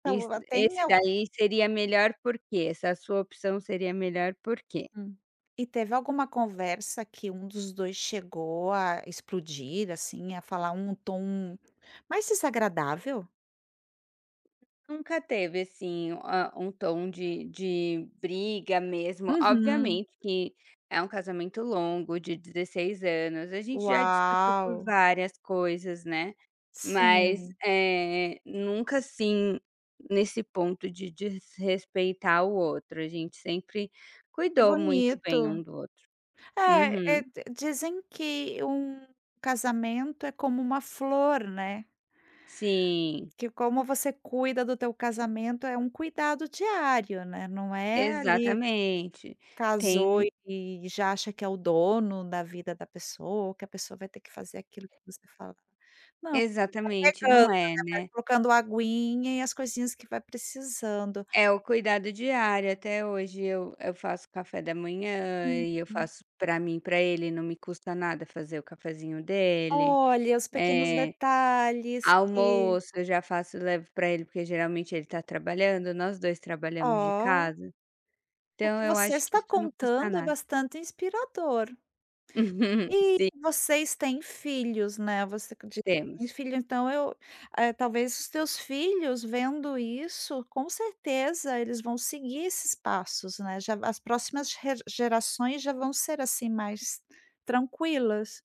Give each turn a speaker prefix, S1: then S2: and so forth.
S1: É
S2: Iss
S1: luga Tem
S2: esse
S1: al
S2: daí seria melhor por quê? Essa sua opção seria melhor por quê?
S1: Hum, e teve alguma conversa que um dos 2 chegou a explodir, assim, a falar um tom mais desagradável?
S2: Nunca teve, assim, ah um tom de de briga mesmo,
S1: Uhum.
S2: obviamente que é um casamento longo de 16 anos, a gente já discutiu por
S1: Uau.
S2: várias coisas, né, mas,
S1: Sim.
S2: eh, nunca assim nesse ponto de desrespeitar o outro, a gente sempre
S1: Que
S2: cuidou muito bem um
S1: bonito.
S2: do outro.
S1: Eh eh,
S2: Uhum.
S1: dizem que um casamento é como uma flor, né.
S2: Sim.
S1: Que como você cuida do teu casamento, é um cuidado diário, né, não é ali que
S2: Exatamente,
S1: casou
S2: tem
S1: e já acha que é o dono da vida da pessoa ou que a pessoa vai ter que fazer aquilo que você fala. Não vai
S2: Exatamente,
S1: regando,
S2: não é,
S1: né, vai
S2: né.
S1: colocando aguinha e as coisinhas que vai precisando.
S2: É o cuidado diário, até hoje eu eu faço café da manhã e eu
S1: Uhum.
S2: faço para mim e para ele, não me custa nada fazer o cafezinho dele.
S1: Olha, os pequenos
S2: Eh,
S1: detalhes que
S2: almoço eu já faço levo para ele, porque geralmente ele tá trabalhando, nós 2 trabalhamos de
S1: Ó.
S2: casa.
S1: O
S2: Então
S1: que
S2: eu
S1: você
S2: acho que
S1: está
S2: isso não custa
S1: contando é
S2: nada.
S1: bastante inspirador. E
S2: Sim.
S1: vocês têm filhos ,né, você condi tem
S2: Temos.
S1: filho, então eu eh, talvez os teus filhos vendo isso, com certeza eles vão seguir esses passos, né já, as próximas re gerações já vão ser, assim, mais tranquilas.